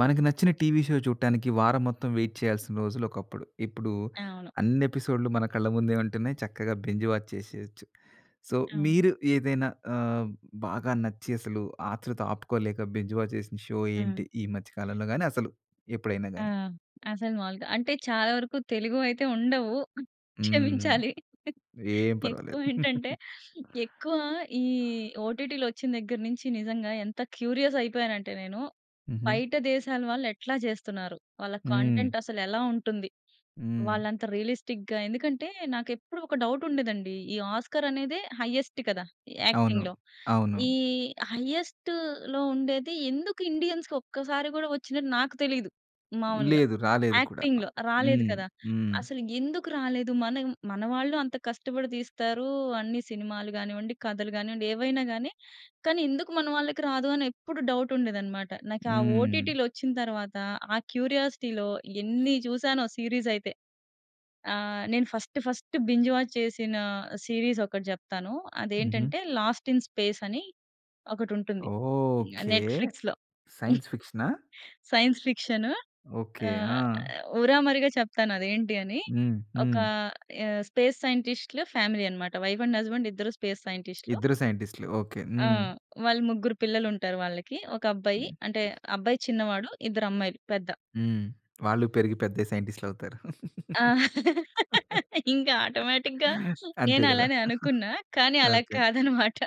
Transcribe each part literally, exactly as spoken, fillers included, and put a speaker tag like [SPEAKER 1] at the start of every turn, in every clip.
[SPEAKER 1] మనకి నచ్చిన TV show చూడటానికి, వారం మొత్తం వెయిట్ చేయాల్సిన రోజులొకప్పుడు. ఇప్పుడు
[SPEAKER 2] అవును.
[SPEAKER 1] అన్ని ఎపిసోడ్‌లు మన కళ్ళ ముందే ఉంటున్నాయి. చక్కగా బింజ్ వాచ్ చేసేయొచ్చు. సో,
[SPEAKER 2] అవును.
[SPEAKER 1] మీరు ఏదైనా ఆహ్, బాగా నచ్చి అసలు ఆత్రుత ఆపుకోలేక, బింజ్ వాచ్ చేసిన షో,
[SPEAKER 2] హ్మ్.
[SPEAKER 1] ఏంటి? ఈ మధ్య కాలంలో గాని, అసలు ఎప్పుడైనా
[SPEAKER 2] ఆ!
[SPEAKER 1] గాని?
[SPEAKER 2] అసలు మాములుగా అంటే, చాలా వరకు తెలుగు అయితే ఉండవు.
[SPEAKER 1] హ్మ్.
[SPEAKER 2] క్షమించాలి.
[SPEAKER 1] ఏం పర్వాలేదు.
[SPEAKER 2] ఎక్కువేంటంటే, ఎక్కువ ఈ ఓటిటిలొచ్చిన దగ్గర నుంచి నిజంగా ఎంత క్యూరియస్ అయిపోయాను అంటే నేను,
[SPEAKER 1] హుహు.
[SPEAKER 2] బయట దేశాల వాళ్ళు ఎట్లా చేస్తున్నారు, వాళ్ళ
[SPEAKER 1] హ్మ్.
[SPEAKER 2] కంటెంట్ అసలెలా ఉంటుంది,
[SPEAKER 1] హ్మ్.
[SPEAKER 2] వాళ్ళు అంత రియలిస్టిక్‌గా ఎందుకంటే, నాకెప్పుడు ఒక డౌట్ ఉండేదండి. ఈ ఆస్కార్ అనేదే హైఎస్ట్ కదా! ఈ
[SPEAKER 1] అవును.
[SPEAKER 2] యాక్టింగ్‌లో.
[SPEAKER 1] అవును.
[SPEAKER 2] ఈ హైఎస్ట్‌లో ఉండేది ఎందుకు ఇండియన్స్‌కీ ఒక్కసారి గూడా ఒచ్చినట్టు నాకు తెలిదు. మాములుగా
[SPEAKER 1] లేదు. రాలేదు కూడా.
[SPEAKER 2] యాక్టింగ్‌లో, రాలేదు
[SPEAKER 1] హ్మ్.
[SPEAKER 2] కదా!
[SPEAKER 1] హ్మ్.
[SPEAKER 2] అసలు ఎందుకు రాలేదు, మనం మన వాళ్ళు అంత కష్టపడి తీస్తారు. అన్ని సినిమాలు గానివ్వండి, కథలు గానివ్వండి. ఏవైనా గాని. కానీ ఎందుకు మన వాళ్ళకి రాదు, అని ఎప్పుడు డౌట్ ఉండేది అన్నమాట. నాకా
[SPEAKER 1] హ్మ్.
[SPEAKER 2] ఓటిటిలొచ్చిన తరువాత, ఆ క్యూరియాసిటీ‌లో ఎన్ని చూసానో సీరీస్ అయితే. ఆ! నేను ఫస్ట్, ఫస్ట్ బింజ్ వాచ్ చేసిన సీరీస్ ఒకటి చెప్తాను.
[SPEAKER 1] హుహు.
[SPEAKER 2] అదేంటంటే 'లాస్ట్ ఇన్ స్పేస్' అని ఒకటుంటుంది.
[SPEAKER 1] ఓహ్!
[SPEAKER 2] ఆహ్,
[SPEAKER 1] ఓకే.
[SPEAKER 2] నెట్‌ఫ్లిక్స్‌లో.
[SPEAKER 1] సైన్స్ ఫిక్షనా?
[SPEAKER 2] Science fiction.
[SPEAKER 1] ఓకే.
[SPEAKER 2] ఆహ్,
[SPEAKER 1] ఆ!
[SPEAKER 2] ఆహ్, ఊరామరిగా చెప్తాను అది ఏంటి అని.
[SPEAKER 1] హ్మ్.
[SPEAKER 2] ఒక
[SPEAKER 1] హ్మ్.
[SPEAKER 2] ఆహ్, స్పేస్ సైంటిస్ట్‌లు ఫ్యామిలీ అన్నమాట. వైఫ్ అండ్ హస్బాండ్ ఇద్దరు స్పేస్ సైంటిస్ట్‌లు.
[SPEAKER 1] ఇద్దరు సైంటిస్ట్‌లు. ఓకే.
[SPEAKER 2] ఆ!
[SPEAKER 1] హ్మ్.
[SPEAKER 2] వాళ్ళు ముగ్గురు పిల్లలుంటారు వాళ్ళకి. ఒక అబ్బాయి, అంటే అబ్బాయి చిన్నవాడు. ఇద్దరు అమ్మాయిలు పెద్ద.
[SPEAKER 1] హ్మ్. వాళ్ళు పెరిగి పెద్దయి, సైంటిస్ట్‌లవుతారు.
[SPEAKER 2] ఆ! ఇంకా ఆటోమేటిక్‌గా
[SPEAKER 1] అంతే గదా!
[SPEAKER 2] నేనలానే అనుకున్నా. కానీ అలా
[SPEAKER 1] ఓకే.
[SPEAKER 2] కాదన్నమాట.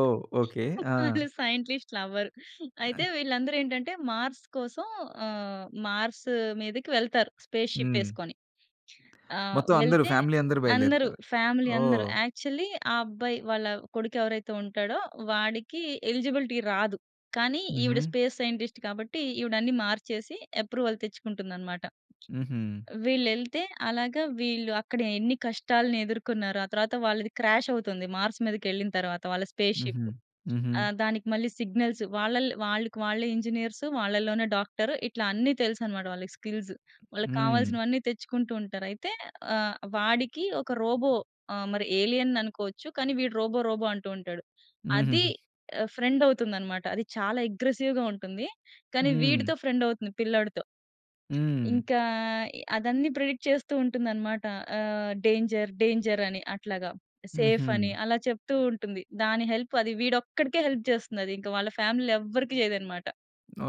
[SPEAKER 1] ఓహ్! ఓకే. ఆ!
[SPEAKER 2] వాళ్ళు సైంట్లిస్ట్‌లు అవ్వరు.
[SPEAKER 1] ఆ!
[SPEAKER 2] అయితే, వీళ్ళందరూ ఏంటంటే మార్స్ కోసం ఆహ్, మార్స్ మీదకి వెళ్తారు. స్పేస్‌షిప్
[SPEAKER 1] హ్మ్.
[SPEAKER 2] ఏసుకొని. ఆహ్,
[SPEAKER 1] మొత్తం అందరు,
[SPEAKER 2] వెళ్తే,
[SPEAKER 1] ఫ్యామిలీ అందరూ
[SPEAKER 2] అందరు
[SPEAKER 1] బయలుదేరుతారు.
[SPEAKER 2] ఫ్యామిలీ అందరూ,
[SPEAKER 1] ఓహ్!
[SPEAKER 2] యాక్చువల్లి ఆ అబ్బాయి వాళ్ళ కొడుకు ఎవరైతే ఉంటాడో, వాడికి ఎలిజిబిలిటీ రాదు. కానీ, ఈవిడ
[SPEAKER 1] హుహు.
[SPEAKER 2] స్పేస్ సైంటిస్ట్ కాబట్టి ఈవిడన్ని మార్చేసి అప్రూవల్ తెచ్చుకుంటుందన్నమాట.
[SPEAKER 1] హుహు.
[SPEAKER 2] వీళ్ళు ఎళ్తే, అలాగా వీళ్ళు అక్కడ ఎన్ని కష్టాలను ఎదుర్కొన్నారో. ఆ తరువాత వాళ్ళది క్రాష్ అవుతుంది. మార్స్ మీదకెళ్ళిన తరువాత వాళ్ళ
[SPEAKER 1] హుహు.
[SPEAKER 2] స్పేస్‌షిపు.
[SPEAKER 1] హుహు.
[SPEAKER 2] ఆహ్, దానికి మళ్ళీ సిగ్నల్స్ వాళ్ళల్లో వాళ్ళకి వాళ్ళే ఇంజినీర్సు వాళ్ళలోనే డాక్టర్, ఇట్లా అన్నీ తెలుసన్నమాట వాళ్ళకి స్కిల్స్. వాళ్ళకి
[SPEAKER 1] హ్మ్.
[SPEAKER 2] కావాల్సినవన్నీ తెచ్చుకుంటూ ఉంటారు. అయితే, ఆహ్, వాడికి ఒక రోబో ఆహ్, మరి ఎలియన్ అనుకోవచ్చు. కానీ, వీడు రోబో, రోబో అంటూ ఉంటాడు. అది
[SPEAKER 1] హుహుహు.
[SPEAKER 2] ఆహ్, ఫ్రెండ్ అవుతుందన్నమాట. అది చాలా అగ్రెసివ్‌గా ఉంటుంది. కానీ,
[SPEAKER 1] హ్మ్.
[SPEAKER 2] వీడితో ఫ్రెండ్ అవుతుంది పిల్లాడితో...
[SPEAKER 1] హ్మ్.
[SPEAKER 2] ఇంకా ఇ అదన్నీ ప్రెడిక్ట్ చేస్తూ ఉంటుందన్నమాట. ఆహ్, డేంజర్ డేంజర్ అని అట్లాగా. సేఫ్ అని
[SPEAKER 1] హుహు.
[SPEAKER 2] అలా చెప్తూ ఉంటుంది. దాని హెల్ప్ అది వీడొక్కడికే హెల్ప్ చేస్తుంది అది. ఇంక వాళ్ళ ఫ్యామిలీలో ఎవ్వరికి చేయదన్నమాట.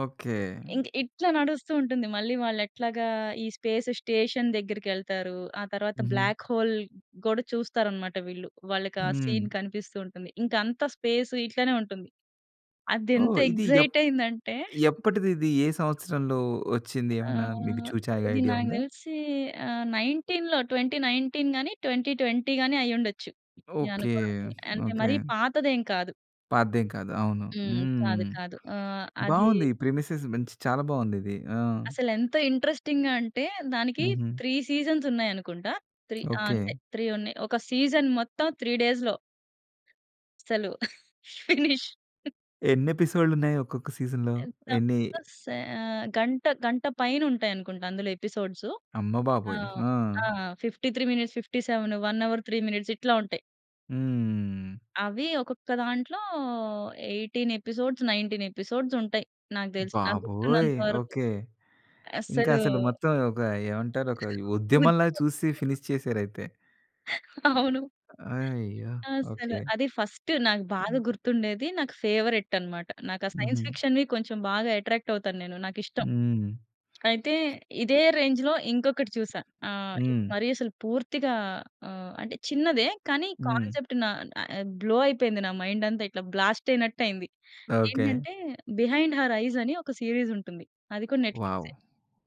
[SPEAKER 1] ఓకే.
[SPEAKER 2] ఇంక ఇట్ల నడుస్తూ ఉంటుంది మళ్ళీ వాళ్ళెట్లాగా ఈ స్పేస్ స్టేషన్ దెగ్గిరికెళ్తారూ. ఆ తర్వాత
[SPEAKER 1] హుహు.
[SPEAKER 2] బ్లాక్ హోల్ గోడ చూస్తారు అనమాట వీళ్ళు. వాళ్ళకి ఆ సీన్
[SPEAKER 1] హ్మ్.
[SPEAKER 2] కనిపిస్తూ ఉంటుంది. ఇంక అంతా స్పేస్ ఇట్లనే ఉంటుంది. అది ఎంత
[SPEAKER 1] ఓహ్! ఇది ఎప్
[SPEAKER 2] ఎక్సైట్ అయింది అంటే
[SPEAKER 1] ఎప్పటిది ఇదీ? ఏ సంవత్సరంలో వచ్చింది. ఏమైనా మీకు
[SPEAKER 2] ఆహ్,
[SPEAKER 1] చూచాయ్‌గా
[SPEAKER 2] ఇది
[SPEAKER 1] ఐడియా
[SPEAKER 2] నాకు
[SPEAKER 1] ఉందా?
[SPEAKER 2] తెలిసీ ఆహ్, నైన్టీన్‌లో ట్వెంటీ నైన్టీన్ గానీ, ట్వెంటీ ట్వెంటీ గానీ అయ్యుండచ్చు.
[SPEAKER 1] ఓకే.
[SPEAKER 2] నేననుకోవడం అంటే మరీ
[SPEAKER 1] ఓకే.
[SPEAKER 2] పాతదేం కాదు.
[SPEAKER 1] పాతదేం కాదు. అవును.
[SPEAKER 2] హ్మ్. కాదు.
[SPEAKER 1] హ్మ్.
[SPEAKER 2] కాదు. ఆహ్, అదీ
[SPEAKER 1] బావుంది. ఈ ప్రిమిసెస్ మంచి చాలా బావుంది ఇది. ఆ!
[SPEAKER 2] అసలెంత ఇంట్రెస్టింగ్‌గా అంటే దానికి
[SPEAKER 1] హుహు.
[SPEAKER 2] త్రీ సీజన్స్ ఉన్నాయి అనుకుంటా. త్రీ ఆ! అంతే.
[SPEAKER 1] ఓకే.
[SPEAKER 2] త్రీ ఉన్నాయి. ఒక సీజన్ మొత్తం త్రీ డేస్‌లో అస్సలు ఫినిష్.
[SPEAKER 1] ఎన్ని ఎపిసోడ్‌లు ఉన్నాయి ఒక్కొక్క సీజన్‌లో? ఎన్నీ
[SPEAKER 2] ఎగ్సాంపుల్‌గా సే ఆహ్, గంట గంట పైనుంటాయి అనుకుంటా అందులో ఎపిసోడ్సు.
[SPEAKER 1] అమ్మబాబోయ్!
[SPEAKER 2] ఆహ్,
[SPEAKER 1] ఆ!
[SPEAKER 2] ఆ! Fifty three minutes, fifty seven one hour three minutes ఇట్లా ఉంటాయి.
[SPEAKER 1] హ్మ్.
[SPEAKER 2] అవీ ఒక్కొక్క దాంట్లో ఎయిటీన్ ఎపిసోడ్స్, నైన్టీన్ ఎపిసోడ్స్ ఉంటాయి. నాకు దెలిసి, నాకు
[SPEAKER 1] బాబోయ్!
[SPEAKER 2] గుర్తున్నంత వరకు.
[SPEAKER 1] ఓకే. ఇంకా
[SPEAKER 2] అస్సలూ
[SPEAKER 1] అసలు మొత్తం ఒక ఏమంటారు, ఒక ఉద్యమంలా చూసి
[SPEAKER 2] [unintelligible]
[SPEAKER 1] ఫినిష్ చేశారు అయితే.
[SPEAKER 2] అవును.
[SPEAKER 1] అయ్యో!
[SPEAKER 2] అస్సల.
[SPEAKER 1] ఓకే.
[SPEAKER 2] అదీ ఫస్ట్ నాకు బాగా గుర్తుండేది. నాకు ఫేవరెట్ అనమాట. నాకు ఆ సైన్స్
[SPEAKER 1] హుహు.
[SPEAKER 2] ఫిక్షన్‌వి కొంచెం బాగా ఎట్రాక్ట్ అవుతాను నేను. నాకు ఇష్టం.
[SPEAKER 1] హ్మ్.
[SPEAKER 2] అయితే, ఇదే రేంజ్‌లో ఇంకొకటి చూశా. ఆహ్, ఇది
[SPEAKER 1] హ్మ్.
[SPEAKER 2] మరీ అసలు పూర్తిగా ఆహ్, అంటే చిన్నదే. కానీ
[SPEAKER 1] హ్మ్.
[SPEAKER 2] కాన్సెప్ట్ నా ఆహ్, బ్లో అయిపోయింది నా మైండ్ అంతా. ఇట్ల బ్లాస్ట్ అయినట్టు అయింది.
[SPEAKER 1] ఓకే.
[SPEAKER 2] ఏంటంటే, 'బిహైండ్ హర్ ఐస్' అని ఒక సీరీస్ ఉంటుంది. అది కూడా
[SPEAKER 1] వావ్!
[SPEAKER 2] నెట్‌ఫ్లిక్సే.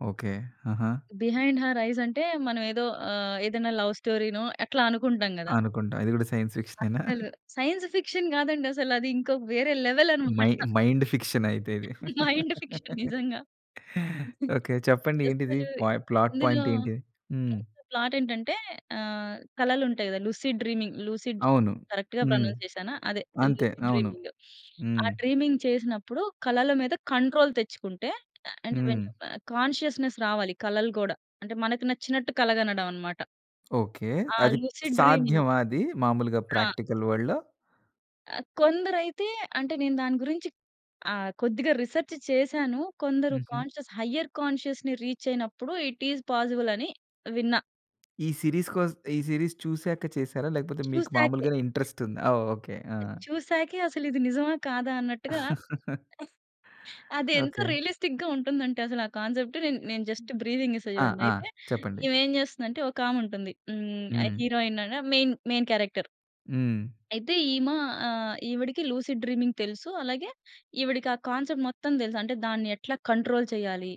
[SPEAKER 1] ఓకే. ఆహా!
[SPEAKER 2] 'బిహైండ్ హర్ ఐస్' అంటే మనం ఏదో ఆహ్, ఏదన్నా లవ్ స్టోరీనో అట్లా అనుకుంటాం గదా!
[SPEAKER 1] అనుకుంటాం. ఇది కూడా సైన్స్ ఫిక్షనేనా?
[SPEAKER 2] అస్సలు సైన్స్ ఫిక్షన్ గాదండి! అసలు అది. ఇంకో వేరే లెవెల్
[SPEAKER 1] మై
[SPEAKER 2] అనమాట.
[SPEAKER 1] మైండ్ ఫిక్షన్ అయితే ఇది.
[SPEAKER 2] మైండ్ ఫిక్షన్ నిజంగా.
[SPEAKER 1] ఓకే. చెప్పండి ఏంటిది?
[SPEAKER 2] అస్సలు.
[SPEAKER 1] పాయ్ ప్లాట్
[SPEAKER 2] ఇందులో
[SPEAKER 1] పాయింట్ ఏంటి? హ్మ్.
[SPEAKER 2] ఇందులో ప్లాట్ ఏంటంటే ఆహ్, కలలుంటాయి కదా! లుసిడ్ డ్రీమింగ్ లూసిడ్
[SPEAKER 1] అవును.
[SPEAKER 2] డ్రీమింగ్ కరెక్ట్‌గా
[SPEAKER 1] హ్మ్,
[SPEAKER 2] ప్రొనౌన్స్ చేశానా? అదే
[SPEAKER 1] అంతే.
[SPEAKER 2] లూసిడ్
[SPEAKER 1] అవును.
[SPEAKER 2] డ్రీమింగ్. ఆ
[SPEAKER 1] హ్మ్.
[SPEAKER 2] డ్రీమింగ్ చేసినప్పుడు కలల మీద కంట్రోల్ తెచ్చుకుంటే, అంటే వెన్
[SPEAKER 1] హ్మ్.
[SPEAKER 2] కాన్షియస్‌నెస్ రావాలి కలలు కూడా. అంటే మనకి నచ్చినట్టు కల గనడం అనమాట.
[SPEAKER 1] ఓకే.
[SPEAKER 2] ఆ!
[SPEAKER 1] అది
[SPEAKER 2] లూసిడ్ డ్రీమింగ్.
[SPEAKER 1] సాధ్యమా అదీ మాములుగా
[SPEAKER 2] ఆ!
[SPEAKER 1] ప్రాక్టికల్ వల్డ్‌లో?
[SPEAKER 2] కొందరైతే అంటే నేను దాని గురించి ఆహ్, కొద్దిగా రిసర్చ్ చేశాను. కొందరు
[SPEAKER 1] హుహు.
[SPEAKER 2] కాన్షియస్, హైయర్ కాన్షియస్‌ని రీచ్ అయినప్పుడు ఇట్ ఈజ్ పాజిబుల్ అని విన్నా.
[SPEAKER 1] ఈ సీరీస్ కోస్ ఈ సీరీస్ చూసాక చేసారా? లేకపోతే మీకు
[SPEAKER 2] చూసాకే.
[SPEAKER 1] మాములుగానే ఇంట్రెస్ట్ ఉందా? ఆ! ఓకె. ఆ!
[SPEAKER 2] చూసాకే అసలు ఇది నిజమా! కాదా! అన్నట్టుగా అది ఎంత
[SPEAKER 1] ఓకె.
[SPEAKER 2] రియలిస్టిక్‌గా ఉంటుంది అంటే అసలు ఆ కాన్సెప్ట్ నేన్ నేను జస్ట్ బ్రీఫింగ్ ఇస్తా
[SPEAKER 1] ఆ!
[SPEAKER 2] చూడండి.
[SPEAKER 1] ఆ!
[SPEAKER 2] అయితే,
[SPEAKER 1] చెప్పండి.
[SPEAKER 2] ఈమె ఏం జేస్తుందంటే ఒక ఆమె ఉంటుంది. హ్మ్. ఆ
[SPEAKER 1] హ్మ్.
[SPEAKER 2] హీరోయిన్ అన మెయిన్ మెయిన్ క్యారెక్టర్.
[SPEAKER 1] హ్మ్.
[SPEAKER 2] అయితే ఈమ ఆహ్, ఈవిడకి లూసిడ్ డ్రీమింగ్ తెలుసు. అలాగే ఈవిడకి ఆ కాన్సెప్ట్ మొత్తం దెలుసు అంటే దాన్ని ఎట్లా కంట్రోల్ చెయ్యాలి?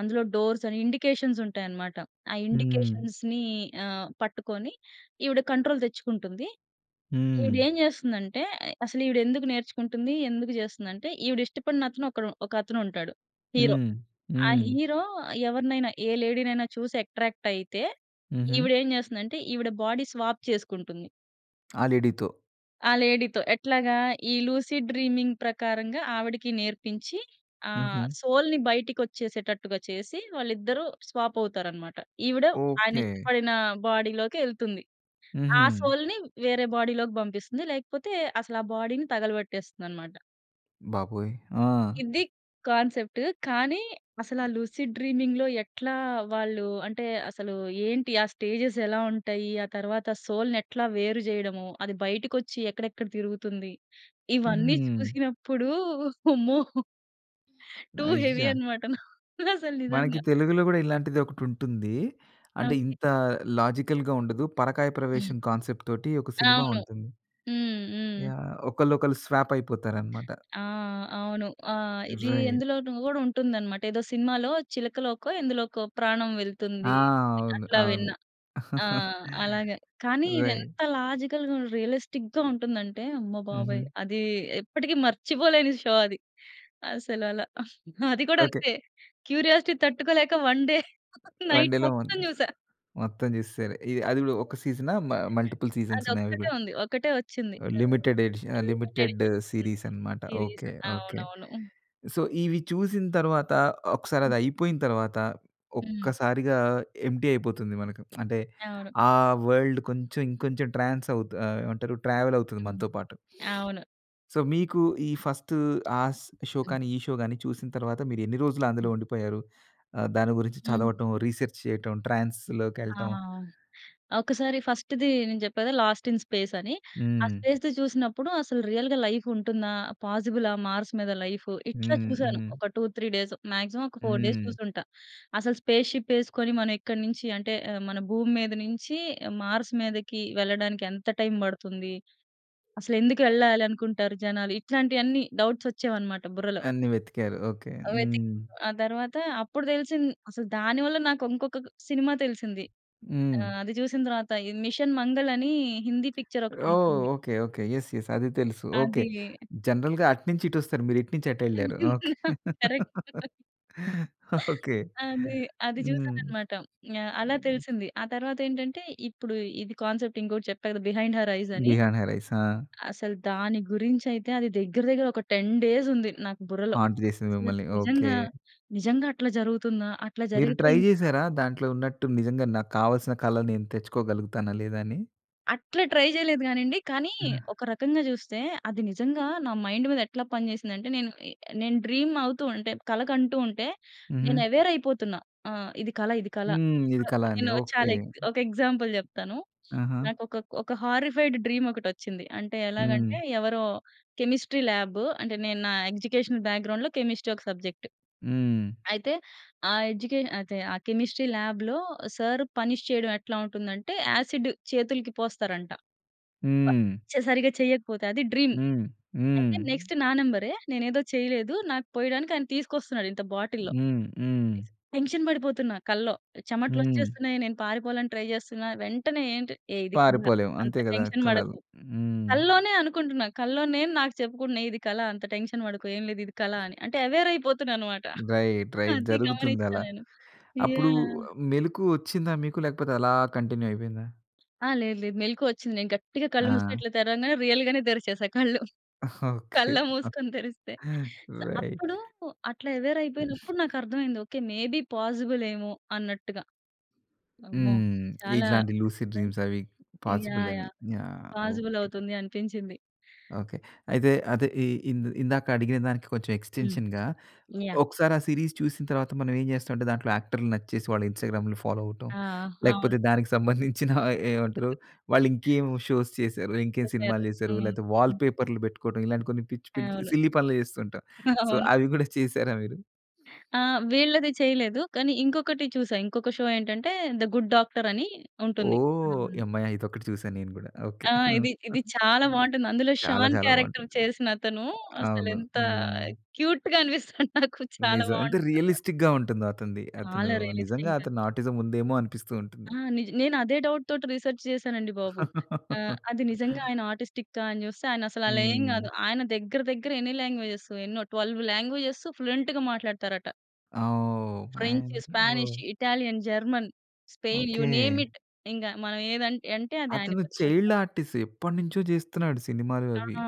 [SPEAKER 2] అందులో డోర్స్ అని ఇండికేషన్స్ ఉంటాయనమాట. ఆ
[SPEAKER 1] హ్మ్.
[SPEAKER 2] ఇండికేషన్స్‌ని ఆహ్, పట్టుకొని ఈవిడ కంట్రోల్ తెచ్చుకుంటుంది. ఈవిడ
[SPEAKER 1] హ్మ్.
[SPEAKER 2] ఏం జేస్తుందంటే అసలు ఈవిడ ఎందుకు నేర్చుకుంటుంది? ఎందుకు జేస్తుంది? అంటే, ఈవిడ ఇష్టపడిన అతను ఒకడు ఒక అతను ఉంటాడు. హీరో
[SPEAKER 1] హ్మ్.
[SPEAKER 2] ఆ
[SPEAKER 1] హ్మ్.
[SPEAKER 2] హీరో ఎవరినైనా ఏ లేడీ‌ని అయిన చూసి అట్రాక్ట్ అయితే,
[SPEAKER 1] హుహు.
[SPEAKER 2] ఈవిడ ఏం జేస్తుందంటే, ఈవిడ బాడీ స్వాప్ చేసుకుంటుంది.
[SPEAKER 1] ఆ లేడీతో?
[SPEAKER 2] ఆ లేడీ‌తో ఎట్లాగా? ఈ లూసీ డ్రీమింగ్ ప్రకారంగా ఆవిడకి నేర్పించి ఆ!
[SPEAKER 1] హుహు.
[SPEAKER 2] సోల్‌ని బయటికి ఒచ్చేసేటట్టుగా చేసి, వాళ్ళిద్దరూ స్వాప్ అవుతారనమాట. ఈవిడ ఆయన
[SPEAKER 1] ఓకె.
[SPEAKER 2] ఇష్టపడిన బాడీ‌లోకెళ్తుంది ఆ
[SPEAKER 1] హుహు.
[SPEAKER 2] సోల్‌ని వేరే బాడీ‌లోకి బంపిస్తుంది, లేకపోతే అసలు ఆ బాడీని తగలబెట్టేస్తుందనమాట.
[SPEAKER 1] బాబోయ్! ఆ!
[SPEAKER 2] ఇది కాన్సెప్ట్. కానీ అసలు ఆ 'లూసిడ్ డ్రీమింగ్‌'లో ఎట్లా వాళ్ళు అంటే అసలు ఏంటి? ఆ స్టేజ్‌స్ ఎలా ఉంటాయి? ఆ తరువాత సోల్‌ని ఎట్లా వేరు చేయడము? అది బయటకొచ్చి ఎక్కడెక్కడ తిరుగుతుంది? ఇవన్నీ
[SPEAKER 1] హ్మ్.
[SPEAKER 2] చూసినప్పుడు, అమ్మో! టూ హెవీ
[SPEAKER 1] అయ్యా!
[SPEAKER 2] అన్నమాట నాకు అసలు
[SPEAKER 1] మనకి
[SPEAKER 2] నిజంగా.
[SPEAKER 1] తెలుగులో కూడా ఇలాంటిదొకటి ఉంటుంది. అంటే
[SPEAKER 2] ఓకే.
[SPEAKER 1] ఇంత లాజికల్‌గా ఉండదు. పరకాయ
[SPEAKER 2] హ్మ్.
[SPEAKER 1] ప్రవేశం కాన్సెప్ట్‌తోటి ఒక సినిమా
[SPEAKER 2] అవును.
[SPEAKER 1] ఉంటుంది.
[SPEAKER 2] హ్మ్. హ్మ్.
[SPEAKER 1] యాహ్! ఒకళ్ళొకళ్ళు స్వాప్ అయిపోతారన్నమాట.
[SPEAKER 2] ఆ! అవును. ఆ! ఇది
[SPEAKER 1] రైట్.
[SPEAKER 2] ఎందులోనో కూడా ఉంటుందన్నమాట. ఏదో సినిమాలో చిలకలోకో, ఎందులోకో ప్రాణం
[SPEAKER 1] ఆ!
[SPEAKER 2] వెళ్తుంది.
[SPEAKER 1] అవును.
[SPEAKER 2] అట్లా విన్న.
[SPEAKER 1] అవును.
[SPEAKER 2] ఆ! అలాగే. కానీ ఇది
[SPEAKER 1] రైట్.
[SPEAKER 2] ఎంత లాజికల్‌గా, రియలిస్టిక్‌గా ఉంటుందంటే, అమ్మ బాబోయ్!
[SPEAKER 1] ఉహూ.
[SPEAKER 2] అది ఎప్పటికి మర్చిపోలేని షో అది. అసలు అలా. అది కూడా
[SPEAKER 1] ఓకే.
[SPEAKER 2] అంతే క్యూరియాసిటీ తట్టుకోలేక, వన్ డే నైట్
[SPEAKER 1] వన్డేలో
[SPEAKER 2] మొత్తం
[SPEAKER 1] మొత్తం
[SPEAKER 2] చూసా.
[SPEAKER 1] మొత్తం చేసేసారు. ఈ అది కూడా ఒక సీజనా? మ
[SPEAKER 2] [unintelligible]
[SPEAKER 1] మల్టిపుల్ సీజన్స్ ఉన్నాయా? అవి
[SPEAKER 2] అదొక్కటే
[SPEAKER 1] కూడా?
[SPEAKER 2] ఉంది. ఒకటే వచ్చింది. ఆహ్,
[SPEAKER 1] లిమిటెడ్ ఎడిషన్ ఆహ్,
[SPEAKER 2] లిమిటెడ్
[SPEAKER 1] లిమిటెడ్
[SPEAKER 2] ఇంక హ్మ్,
[SPEAKER 1] సీరీస్ అన్నమాట.
[SPEAKER 2] సీరీస్.
[SPEAKER 1] ఓకే. ఓకే.
[SPEAKER 2] అవునవును.
[SPEAKER 1] సో ఇవి చూసిన తరువాత ఒకసారి అది అయిపోయిన తరువాత
[SPEAKER 2] హ్మ్.
[SPEAKER 1] ఒక్కసారిగా ఎంప్టీ అయిపోతుంది మనకు. అంటే
[SPEAKER 2] అవును.
[SPEAKER 1] ఆ వర్ల్డ్ కొంచెం ఇంకొంచెం ట్రాన్స్ అవుత ఆహ్, ఏమంటారు? ట్రావెల్ అవుతుంది
[SPEAKER 2] హ్మ్.
[SPEAKER 1] మనతో పాటు.
[SPEAKER 2] అవును
[SPEAKER 1] సో మీకు ఈ ఫస్ట్ ఆస్ షో
[SPEAKER 2] హ్మ్.
[SPEAKER 1] కానీ ఈ షో గాని చూసిన తరువాత మీరెన్ని రోజులు అందులో ఉండిపోయారు? ఆహ్, దాని గురించి
[SPEAKER 2] హ్మ్.
[SPEAKER 1] చదవటం, రిసర్చ్ చేయటం,
[SPEAKER 2] ఆ!
[SPEAKER 1] ట్రాన్స్‌లోకెళ్ళటం
[SPEAKER 2] ఒకసారి ఫస్టుది నేను చెప్పేగా 'లాస్ట్ ఇన్ స్పేస్' అని. ఆ
[SPEAKER 1] హ్మ్.
[SPEAKER 2] స్పేస్‌ది చూసినప్పుడు అసలు రియల్‌గా లైఫ్ ఉంటుందా? పాజిబులా మార్స్ మీద లైఫూ? ఇట్లా
[SPEAKER 1] హ్మ్.
[SPEAKER 2] చూసాను
[SPEAKER 1] హ్మ్.
[SPEAKER 2] ఒక టూ, త్రీ డేస్. మాక్సిమం ఒక ఫోర్ డేస్
[SPEAKER 1] హ్మ్.
[SPEAKER 2] చూసుంటా. అసలు స్పేస్‌షిప్ వేసుకొని, మనం ఎక్కడి నుంచి అంటే ఆహ్, మన భూమి మీద నుంచి, మార్స్ మీదకి వెళ్ళడానికి ఎంత టైమ్ పడుతుంది? అసలు ఎందుకు వెళ్ళాలి అనుకుంటారు జనాలు? ఇట్లాంటివన్నీ డౌట్స్ వచ్చేవన్నమాట బుర్రలో.
[SPEAKER 1] అన్నీ వెతికారు. ఓకే.
[SPEAKER 2] వెతికి,
[SPEAKER 1] హ్మ్.
[SPEAKER 2] ఆ తరువాత అప్పుడు తెలిసింది. అసలు దాని వల్ల నాకు ఇంకొక సినిమా తెలిసింది. ఆ!
[SPEAKER 1] హ్మ్.
[SPEAKER 2] అది చూసిన తరువాత 'మిషన్ మంగల్' అని, హిందీ పిక్చర్
[SPEAKER 1] ఓహ్!
[SPEAKER 2] ఒకటుంటుంది.
[SPEAKER 1] ఓకే. ఓకే. యస్. యస్. అది తెలుసు. ఓకే.
[SPEAKER 2] అది.
[SPEAKER 1] జనరల్‌గా అటునుంచి ఇటు వస్తారు. మీరు ఇటు నుంచి అటెళ్ళారు. ఓకే.
[SPEAKER 2] కరెక్ట్.
[SPEAKER 1] ఓకే.
[SPEAKER 2] అది, అది చూసాను
[SPEAKER 1] హ్మ్.
[SPEAKER 2] అన్నమాట. యాహ్. అలా
[SPEAKER 1] హ్మ్.
[SPEAKER 2] తెలిసింది. ఆ తరువాతేంటంటే, ఇప్పుడు ఇది కాన్సెప్ట్ ఇంకొకటి చెప్పా కదా! 'బిహైండ్ హర్ ఐస్' అని.
[SPEAKER 1] Behind her Eyes. ఆ!
[SPEAKER 2] అసలు దాని గురించి అయితే అది దగ్గర దగ్గర ఒక టెన్ డేస్ ఉంది నాకు బుర్రలో.
[SPEAKER 1] హాంట్ చేసింది మిమ్మల్ని. ఓకే.
[SPEAKER 2] నిజంగా నిజంగా అట్లా జరుగుతుందా? అట్లా
[SPEAKER 1] మీరు
[SPEAKER 2] జరిగితే
[SPEAKER 1] ట్రై
[SPEAKER 2] ఇంకా
[SPEAKER 1] చేసారా దాంట్లో ఉన్నట్టు నిజంగా నాకు కావాల్సిన కలలు నేను తెచ్చుకోగలుగుతానా లేదా! అని?
[SPEAKER 2] అట్లా ట్రై చేయలేదు కాని అండి. కానీ ఒక రకంగా చూస్తే అది నిజంగా నా మైండ్ మీద ఎట్లా పని చేసింది అంటే, నేను ఆహ్, నేను డ్రీమ్ అవుతూ ఉంటే, కల కంటూ ఉంటే. నేను
[SPEAKER 1] హుహు.
[SPEAKER 2] ఎవేర్ అయిపోతున్న. ఆ! ఇది కల ఇది కల
[SPEAKER 1] హ్మ్. ఇది కల అని.
[SPEAKER 2] నేను ఛ
[SPEAKER 1] ఓకే.
[SPEAKER 2] ఒక ఎగ్జాంపుల్ చెప్తాను.
[SPEAKER 1] ఆహా!
[SPEAKER 2] నాకొక ఒక హారిఫైడ్ డ్రీమ్ ఒకటి వచ్చింది. అంటే ఎలాగంటే,
[SPEAKER 1] హ్మ్.
[SPEAKER 2] ఎవరో కెమిస్ట్రీ లాబ్ అంటే నేను నా ఎగ్జుకేషన్ బ్యాక్‌గ్రౌండ్‌లో కెమిస్ట్రీ ఒక సబ్జెక్ట్.
[SPEAKER 1] హ్మ్.
[SPEAKER 2] అయితే ఆ ఎడ్యుకేష అదె ఆ కెమిస్ట్రీ లాబ్‌లో సర్ పనిష్ చేయడం ఎట్లా ఉంటుంది అంటే? యాసిడ్ చేతులకి పోస్తారంట.
[SPEAKER 1] హ్మ్.
[SPEAKER 2] ప చె సరిగ్గా చేయకపోతే అది డ్రీమ్
[SPEAKER 1] హ్మ్. హ్మ్.
[SPEAKER 2] అయితే నెక్స్ట్ నా నంబరె నేనేదో చేయలేదు. నాకు పోయడానికి ఆయన తీసుకొస్తున్నాడు ఇంత బాటిల్‌లో.
[SPEAKER 1] హ్మ్. హ్మ్.
[SPEAKER 2] తీస్ టెన్షన్ పడిపోతున్న కల్లో.
[SPEAKER 1] హ్మ్.
[SPEAKER 2] చమటలొచ్చేస్తున్నాయి. నేను పారిపోవాలని ట్రై చేస్తున్న. వెంటనే ఏంటి, ఏ ఇది కల
[SPEAKER 1] పారిపోలేము.
[SPEAKER 2] అంత
[SPEAKER 1] అంతే కదా!
[SPEAKER 2] టెన్షన్
[SPEAKER 1] కలలు.
[SPEAKER 2] పడకు
[SPEAKER 1] హ్మ్.
[SPEAKER 2] కల్లోనే అనుకుంటున్న కల్లో నేను నాకు చెప్పుకుంటున్నా. ఇది కల అంత టెన్షన్ పడకు ఏమి లేదు ఇది కల అని. అంటే ఎవేర్ అయిపోతున్నా అన్నమాట.
[SPEAKER 1] రైట్. రైట్.
[SPEAKER 2] అది
[SPEAKER 1] జరుగుతుంది
[SPEAKER 2] గమనించాను
[SPEAKER 1] అలా.
[SPEAKER 2] నేను.
[SPEAKER 1] అప్పుడు
[SPEAKER 2] యాహ్!
[SPEAKER 1] మెలుకువ వచ్చిందా మీకు? లేకపోతే అలా కంటిన్యూ అయిపోయిందా?
[SPEAKER 2] ఆ! లేదు. లేదు. మెలుకువ వచ్చింది. నేను గట్టిగా కళ్ళు మూసుకొని
[SPEAKER 1] ఆ!
[SPEAKER 2] ఇట్ల తెరవంగానే రియల్ గానే తెరిచేసా కళ్ళు.
[SPEAKER 1] ఓకే.
[SPEAKER 2] కళ్ళ మూసుకొని తెరిస్తే స్
[SPEAKER 1] రైట్.
[SPEAKER 2] అప్పుడు అట్లా ఎవేర్ అయిపోయినప్పుడు నాకర్థమైంది. ఓకే. మే బి పాజిబుల్ ఏమో అన్నట్టుగా. అమ్మో!
[SPEAKER 1] హ్మ్.
[SPEAKER 2] చాలా
[SPEAKER 1] ఇట్లాంటి లూసి డ్రీమ్స్
[SPEAKER 2] నిజంగా
[SPEAKER 1] అవి పాసిబుల్
[SPEAKER 2] యాహ్!
[SPEAKER 1] అని.
[SPEAKER 2] యాహ్!
[SPEAKER 1] యాహ్!
[SPEAKER 2] Possible
[SPEAKER 1] okay.
[SPEAKER 2] అవుతుంది అనిపించింది.
[SPEAKER 1] ఓకే. అయితే అదే ఇ ఇంద్ ఇందాక అడిగిన దానికి కొంచెం
[SPEAKER 2] హ్మ్.
[SPEAKER 1] ఎక్స్‌టెన్‌‌షన్‌గా
[SPEAKER 2] యాహ్.
[SPEAKER 1] ఒకసారి ఆ సీరీస్ చూసిన తర్వాత మనం ఏం చేస్తామంటే దాంట్లో యాక్టర్లు నచ్చేసి వాళ్ళ ఇన్‌స్టా‌గ్రాములు ఫాలో అవ్వటం.
[SPEAKER 2] ఆ!
[SPEAKER 1] లేకపోతే
[SPEAKER 2] అవును.
[SPEAKER 1] దానికి సంబంధించిన ఏమంటారు వాళ్ళు ఇంకేం షోస్ చేశారు? ఇంకేం
[SPEAKER 2] చేసారు.
[SPEAKER 1] సినిమాలు చేసారు?
[SPEAKER 2] హ్మ్.
[SPEAKER 1] లేకపోతే
[SPEAKER 2] హ్మ్.
[SPEAKER 1] వాల్‌పేపర్‌లు పెట్టుకోవడం ఇలాంటి కొన్ని పిచ్చి, పిచ్చి
[SPEAKER 2] అవును.
[SPEAKER 1] సిల్లీ పనులు చేస్తూ ఉంటాం. సో,
[SPEAKER 2] అవును.
[SPEAKER 1] అవి కూడా చేశారా మీరు?
[SPEAKER 2] ఆ! వీళ్ళది చేయలేదు. కానీ ఇంకొకటి చూసా. ఇంకొక షో ఏంటంటే 'ద గుడ్ డాక్టర్' అని ఉంటుంది.
[SPEAKER 1] ఓహ్!
[SPEAKER 2] హ్మ్.
[SPEAKER 1] యమ్మయ్య! ఇదొక్కటి చూశాను నేను కూడా. ఓకే.
[SPEAKER 2] ఆ
[SPEAKER 1] హ్మ్.
[SPEAKER 2] ఇది, ఇది చాలా బావుంటుంది. అందులో
[SPEAKER 1] చాలా
[SPEAKER 2] షాన్
[SPEAKER 1] చాలా
[SPEAKER 2] క్యారెక్టర్
[SPEAKER 1] బావుంటుంది.
[SPEAKER 2] చేసిన అతను అసలు
[SPEAKER 1] అవును.
[SPEAKER 2] ఎంత
[SPEAKER 1] హ్మ్.
[SPEAKER 2] క్యూట్‌గా అనిపిస్తుంది నాకు. చాలా
[SPEAKER 1] నిజం. ఎంత
[SPEAKER 2] బావుంటుందనమాట.
[SPEAKER 1] రియలిస్టిక్‌గా ఉంటుందో అతనిది. అతను
[SPEAKER 2] చాలా
[SPEAKER 1] నిజంగా
[SPEAKER 2] రియలిస్టిక్‌గా
[SPEAKER 1] అతని ఆటిజం ఉందేమో అనిపిస్తూ ఉంటుంది.
[SPEAKER 2] ఆ నిజ నేనదే డౌట్‌తోటి రిసర్చ్ చేశానండి బాబు. ఆహ్, అది నిజంగా ఆయన ఆటిస్టికా అని చూస్తే ఆయనసలలా ఏం కాదు.
[SPEAKER 1] హ్మ్.
[SPEAKER 2] ఆయన దగ్గర, దగ్గర ఎన్ని లాంగ్వేజెస్ ఎన్నో ట్వెల్వ్ లాంగ్వేజ‌స్ ఫ్లూయెంట్‌గా మాట్లాడుతారట.
[SPEAKER 1] ఆ! ఓహ్!
[SPEAKER 2] ఫ్రెంచు,
[SPEAKER 1] మ్యాన్
[SPEAKER 2] స్పానిష్,
[SPEAKER 1] ఓహ్!
[SPEAKER 2] Italian, German, Spain you name
[SPEAKER 1] okay.
[SPEAKER 2] It ఇంగా మనం ఏది అన్ అంటే అది ఆయనకి
[SPEAKER 1] అతను
[SPEAKER 2] వచ్చునమాట.
[SPEAKER 1] చైల్డ్ ఆర్టిస్టు ఎప్పటినుంచో చేస్తున్నాడు సినిమాలు,
[SPEAKER 2] ఆ!
[SPEAKER 1] అవి.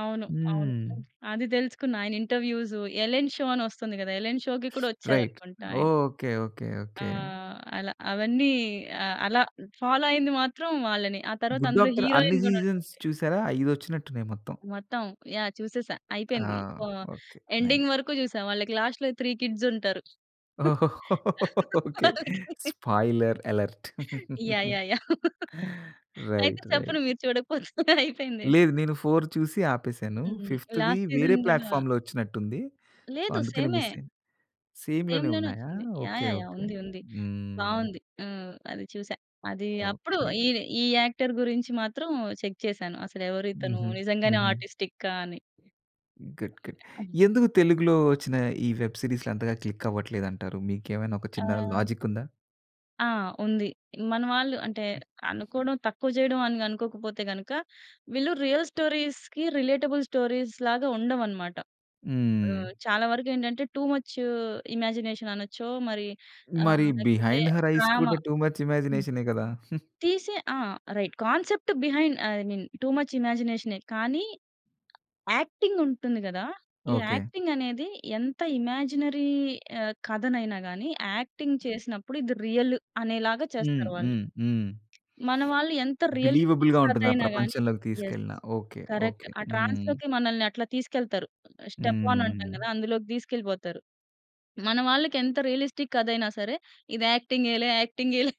[SPEAKER 2] అవును. అవును.
[SPEAKER 1] హ్మ్.
[SPEAKER 2] హ్మ్. అది తెలుసుకున్న. ఆయన ఇంటర్వ్యూసు 'ఎలెన్ షో' అని వస్తుంది కదా! ఎలెన్ షో‌కి కూడా
[SPEAKER 1] రైట్.
[SPEAKER 2] వచ్చారనుకుంటా ఆయన.
[SPEAKER 1] ఓహ్! ఓకే. ఓకే.
[SPEAKER 2] ఆ!
[SPEAKER 1] ఓకే.
[SPEAKER 2] అలా అవన్నీ ఆహ్, అలా ఫాలో అయ్యింది మాత్రం వాళ్ళనే. ఆ తరువాత
[SPEAKER 1] 'గుడ్
[SPEAKER 2] అందులో
[SPEAKER 1] డాక్టర్' అన్ని
[SPEAKER 2] హీరోయిన్ కూడా
[SPEAKER 1] సీజన్స్
[SPEAKER 2] ఉంటుంది.
[SPEAKER 1] చూసారా? ఐదు వచ్చినట్టు ఉన్నాయి మొత్తం.
[SPEAKER 2] మొత్తం యాహ్! చూసేసా,
[SPEAKER 1] ఆ!
[SPEAKER 2] అయిపోయింది. ఆహ్,
[SPEAKER 1] ఓకే.
[SPEAKER 2] Ending
[SPEAKER 1] nice.
[SPEAKER 2] వరకు చూసా. వాళ్ళకి లాస్ట్‌లో త్రీ కిడ్స్ ఉంటారు.
[SPEAKER 1] ఓహో! ఓకే.
[SPEAKER 2] వాళ్ళకి.
[SPEAKER 1] Spoiler alert.
[SPEAKER 2] Yeah! Yeah! Yeah! అయితే
[SPEAKER 1] రైట్
[SPEAKER 2] చెప్పను
[SPEAKER 1] రైట్.
[SPEAKER 2] మీరు చూడకపోతే అయిపోయింది.
[SPEAKER 1] లేదు. నేను ఫోర్ చూసి ఆపేసాను.
[SPEAKER 2] హ్మ్.
[SPEAKER 1] ఫిఫ్త్‌‌ది
[SPEAKER 2] లాస్ట్
[SPEAKER 1] వేరే
[SPEAKER 2] సీజన్ గూడా
[SPEAKER 1] ప్లాట్‌ఫార్మ్‌లో వచ్చినట్టు ఉంది. సో,
[SPEAKER 2] లేదు.
[SPEAKER 1] అందుకనే
[SPEAKER 2] సేమే.
[SPEAKER 1] మిస్ అయ్యా. సేమ్‌
[SPEAKER 2] సేమ్‌
[SPEAKER 1] లోనే
[SPEAKER 2] లోనే
[SPEAKER 1] ఉన్నాయా?
[SPEAKER 2] వచ్చింది. Yeah!
[SPEAKER 1] Okay.
[SPEAKER 2] Yeah! Yeah!
[SPEAKER 1] Okay.
[SPEAKER 2] ఉంది, ఉంది.
[SPEAKER 1] హ్మ్.
[SPEAKER 2] బావుంది. ఆహ్, అది చూసా. అది అప్పుడు
[SPEAKER 1] ఓకే.
[SPEAKER 2] ఈ ఈ యాక్టర్ గురించి మాత్రం చెక్ చేశాను. అసలు ఎవరు ఇతను
[SPEAKER 1] హుహు.
[SPEAKER 2] నిజంగానే
[SPEAKER 1] హుహు.
[SPEAKER 2] ఆర్టిస్టికా అని.
[SPEAKER 1] Good good. ఎందుకు తెలుగులో వచ్చిన ఈ వెబ్ సీరీస్‌లు అంతగా క్లిక్ అవ్వట్లేదంటారు? మీకేమైనా ఒక చిన్న
[SPEAKER 2] ఆ!
[SPEAKER 1] లాజిక్ ఉందా?
[SPEAKER 2] ఆ! ఉంది. మన వాళ్ళు అంటే, అనుకోవడం, తక్కువ చేయడం, అని అనుకోకపోతే గనుక, వీళ్ళు రియల్ స్టోరీస్‌కి రిలేటబుల్ స్టోరీస్ లాగా, ఉండవు అన్నమాట.
[SPEAKER 1] హ్మ్.
[SPEAKER 2] ఆహ్, చాలా వరకు ఏంటంటే, టూ ముచ్ ఇమాజినేషన్ అనచ్చో, మరి
[SPEAKER 1] మరి
[SPEAKER 2] ఆహ్, లేకపోతే
[SPEAKER 1] బిహైండ్ హర్ ఐస్
[SPEAKER 2] డ్రామా
[SPEAKER 1] కూడా టూ ముచ్
[SPEAKER 2] హ్మ్.
[SPEAKER 1] ఇమాజినేషనే కదా!
[SPEAKER 2] తీసే ఆ! Right, concept behind I mean too much ఇమాజినేషనే కానీ, యాక్టింగ్ ఉంటుంది గదా! ఈ
[SPEAKER 1] ఓకే.
[SPEAKER 2] యాక్టింగ్ అనేది, ఎంత ఇమాజినరీ ఆహ్, కథనైనా గాని యాక్టింగ్ చేసినప్పుడు. ఇది రియల్ అనేలాగా
[SPEAKER 1] హ్మ్.
[SPEAKER 2] చేస్తారు వాళ్ళు.
[SPEAKER 1] హ్మ్. హ్మ్.
[SPEAKER 2] మన వాళ్ళు ఎంత రియలిస్టిక్
[SPEAKER 1] బిలీవబుల్‌గా
[SPEAKER 2] కథ
[SPEAKER 1] ఉంటుంది, ఆ
[SPEAKER 2] అయినా గాని
[SPEAKER 1] ప్రపంచంలోకి
[SPEAKER 2] యెస్!
[SPEAKER 1] తీసుకెళ్ళినా. ఓకే.
[SPEAKER 2] కరెక్ట్.
[SPEAKER 1] ఓకే.
[SPEAKER 2] ఆ
[SPEAKER 1] హ్మ్.
[SPEAKER 2] ట్రాన్స్‌లోకి మనల్ని అట్లా తీసుకెళ్తారు. ఆహ్, స్టెప్ ఆన్ అంటాం
[SPEAKER 1] హ్మ్.
[SPEAKER 2] కదా! అందులోకి తీసుకెళ్ళిపోతారు. మన వాళ్ళకి ఎంత రియలిస్టిక్ కథ అయినా సరే! ఇది యాక్టింగేలే, యాక్టింగేలే,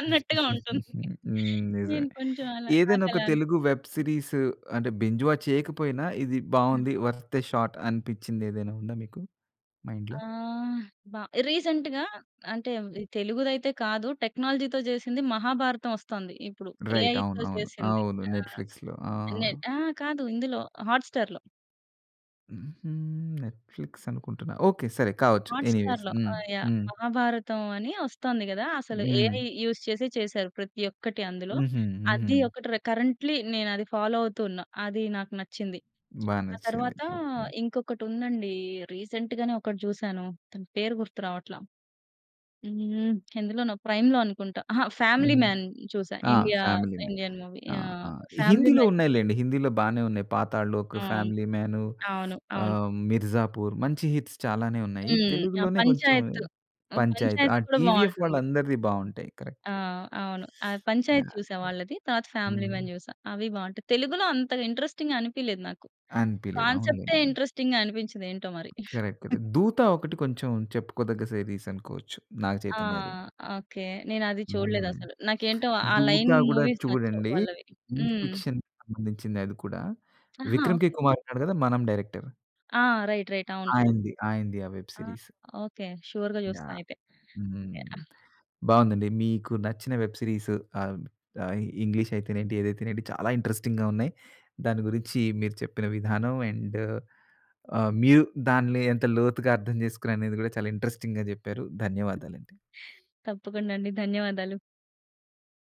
[SPEAKER 2] అన్నట్టుగా ఉంటుంది.
[SPEAKER 1] హ్మ్, నిజమే.
[SPEAKER 2] నేను కొంచెం అలా,
[SPEAKER 1] ఏదైనా
[SPEAKER 2] నాకు
[SPEAKER 1] ఒక
[SPEAKER 2] అలా అన్
[SPEAKER 1] తెలుగు వెబ్ సీరీస్ అంటే బింజ్ వాచ్ చేయకపోయినా, ఇది
[SPEAKER 2] హ్మ్.
[SPEAKER 1] బాగుంది, వర్త్ ఏ షాట్ అనిపించింది ఏదైనా ఉందా మీకు? మైండ్‌లో?
[SPEAKER 2] ఆహ్, బా రీసెంట్‌గా అంటే, తెలుగుది అయితే కాదు. టెక్నాలజీతో చేసింది. మహాభారతం వొస్తోంది. ఇప్పుడు
[SPEAKER 1] రైట్
[SPEAKER 2] ఏఐతో
[SPEAKER 1] అవునవును.
[SPEAKER 2] చేసింది
[SPEAKER 1] అవును.
[SPEAKER 2] ఆహ్,
[SPEAKER 1] నెట్‌ఫ్లిక్స్‌లో. ఆ!
[SPEAKER 2] ఇనెట్ ఆ కాదు, ఇందులో హాట్ స్టార్‌లో.
[SPEAKER 1] హుహు. నెట్‌ఫ్లిక్స్ అనుకుంటున్నా. ఓకే. సరే కావచ్చు
[SPEAKER 2] హాట్
[SPEAKER 1] ఎనీవేస్.
[SPEAKER 2] స్టార్‌లో. ఆ
[SPEAKER 1] హ్మ్.
[SPEAKER 2] యాహ్!
[SPEAKER 1] హ్మ్.
[SPEAKER 2] మహాభారతం అని ఒస్తుంది గదా. అసలు ఏఐ
[SPEAKER 1] హ్మ్.
[SPEAKER 2] యూజ్ చేసి చేసారు. ప్రతి ఒక్కటి అందులో.
[SPEAKER 1] హుహు.
[SPEAKER 2] అది
[SPEAKER 1] హుహు.
[SPEAKER 2] ఒకటి రె కరెంట్‌లీ నేను అది ఫాలో అవుతు ఉన్న. అది నాకు నచ్చింది.
[SPEAKER 1] బాగా
[SPEAKER 2] ఆ
[SPEAKER 1] నచ్చింది.
[SPEAKER 2] తరువాత
[SPEAKER 1] ఓకే.
[SPEAKER 2] ఇంకొకటి ఉందండి. రీసెంట్‌గానే ఒకటి చూసాను. దాని పేరు గుర్తు రావట్ల. హ్మ్. ఎందులోనో ప్రైమ్‌లో అనుకుంటా. అహ! 'ఫ్యామిలీ
[SPEAKER 1] హ్మ్.
[SPEAKER 2] మాన్' చూసా.
[SPEAKER 1] ఆ!
[SPEAKER 2] India
[SPEAKER 1] 'Family Man.'
[SPEAKER 2] Indian movie
[SPEAKER 1] ఆ!
[SPEAKER 2] ఆహ్
[SPEAKER 1] ఆ! ఇ
[SPEAKER 2] 'ఫ్యామిలీ
[SPEAKER 1] హిందీలో
[SPEAKER 2] మాన్.'
[SPEAKER 1] ఉన్నాయిలెండి. హిందీలో బానే ఉన్నాయి. 'పాతాళ లోక్,'
[SPEAKER 2] అవును.
[SPEAKER 1] 'ఫ్యామిలీ మాను'.
[SPEAKER 2] అవును. అవును.
[SPEAKER 1] `ఆహ్, 'మీర్జాపూర్' మంచి హిట్స్ చాలానే ఉన్నాయి.
[SPEAKER 2] హ్మ్. ఆ!
[SPEAKER 1] తెలుగులోనే కొంచెం
[SPEAKER 2] 'పంచాయత్
[SPEAKER 1] 'పంచాయత్.' ఆ
[SPEAKER 2] పంచాయత్' కూడా
[SPEAKER 1] టీవీఎఫ్
[SPEAKER 2] బావుంటుంది.
[SPEAKER 1] వాళ్ళందరిది బాగుంటాయి. కరెక్ట్.
[SPEAKER 2] ఆ! అవును. ఆ
[SPEAKER 1] యాహ్!
[SPEAKER 2] 'పంచాయత్'
[SPEAKER 1] యాహ్!
[SPEAKER 2] చూసా వాళ్ళది. తరువాత 'ఫ్యామిలీ మాన్'
[SPEAKER 1] హ్మ్.
[SPEAKER 2] చూసా. అవి బాగుంటాయి. తెలుగులో అంత ఇంట్రెస్టింగ్‌గా అనిపియలేదు నాకు.
[SPEAKER 1] అనిపియలేదు.
[SPEAKER 2] కాన్సెప్టే
[SPEAKER 1] అవునులెండి.
[SPEAKER 2] ఇంట్రెస్టింగ్‌గా అనిపించదు ఏంటో మరి.
[SPEAKER 1] కరెక్ట్. కరెక్ట్. 'దూత' ఒకటి కొంచెం, చెప్పుకోదగ్గ సీరీస్ అనుకోవచ్చు. నాగ
[SPEAKER 2] ఆ!
[SPEAKER 1] చైతన్యది.
[SPEAKER 2] ఓకే. నేను అది చూడలేదు
[SPEAKER 1] హ్మ్.
[SPEAKER 2] అసలు. నాకు ఏంటో ఆ
[SPEAKER 1] 'దూత'
[SPEAKER 2] లైన్
[SPEAKER 1] గూడా
[SPEAKER 2] మూవీస్ నచ్చవు
[SPEAKER 1] చూడండి.
[SPEAKER 2] వాళ్ళవి.
[SPEAKER 1] సైన్స్
[SPEAKER 2] హ్మ్.
[SPEAKER 1] ఫిక్షన్‌కి సంబంధించిందె అది కూడా.
[SPEAKER 2] ఆహా!
[SPEAKER 1] విక్రమ్‌ కే
[SPEAKER 2] ఓకే.
[SPEAKER 1] కుమార్ ఉన్నాడు కదా! మనం డైరెక్టర్.
[SPEAKER 2] ఆ! రైట్. రైట్. అవును.
[SPEAKER 1] ఆయనది. ఆయనది. ఆ వెబ్
[SPEAKER 2] ఆ!
[SPEAKER 1] సీరీస్.
[SPEAKER 2] ఓకే. సూర్‌గా చూస్తా
[SPEAKER 1] యాహ్!
[SPEAKER 2] అయితే. ఎ
[SPEAKER 1] హ్మ్. బాగుందండి. మీకు నచ్చిన వెబ్ సిరీసు. ఆహ్, ఆహ్, ఇంగ్లీష్ అయితేనేంటి, ఏదైతే ఏంటి. చాలా ఇంట్రెస్టింగ్‌గా ఉన్నాయి. దాని గురించి మీరు చెప్పిన విధానం. అండు, ఆహ్, మీరు దాన్లో ఎంత లోతుగా అర్థం చేసుకునారు అనేది గూడా, చాలా ఇంట్రెస్టింగ్‌గా చెప్పారు. ధన్యవాదాలండి.
[SPEAKER 2] తప్పకుండా అండి. ధన్యవాదాలు.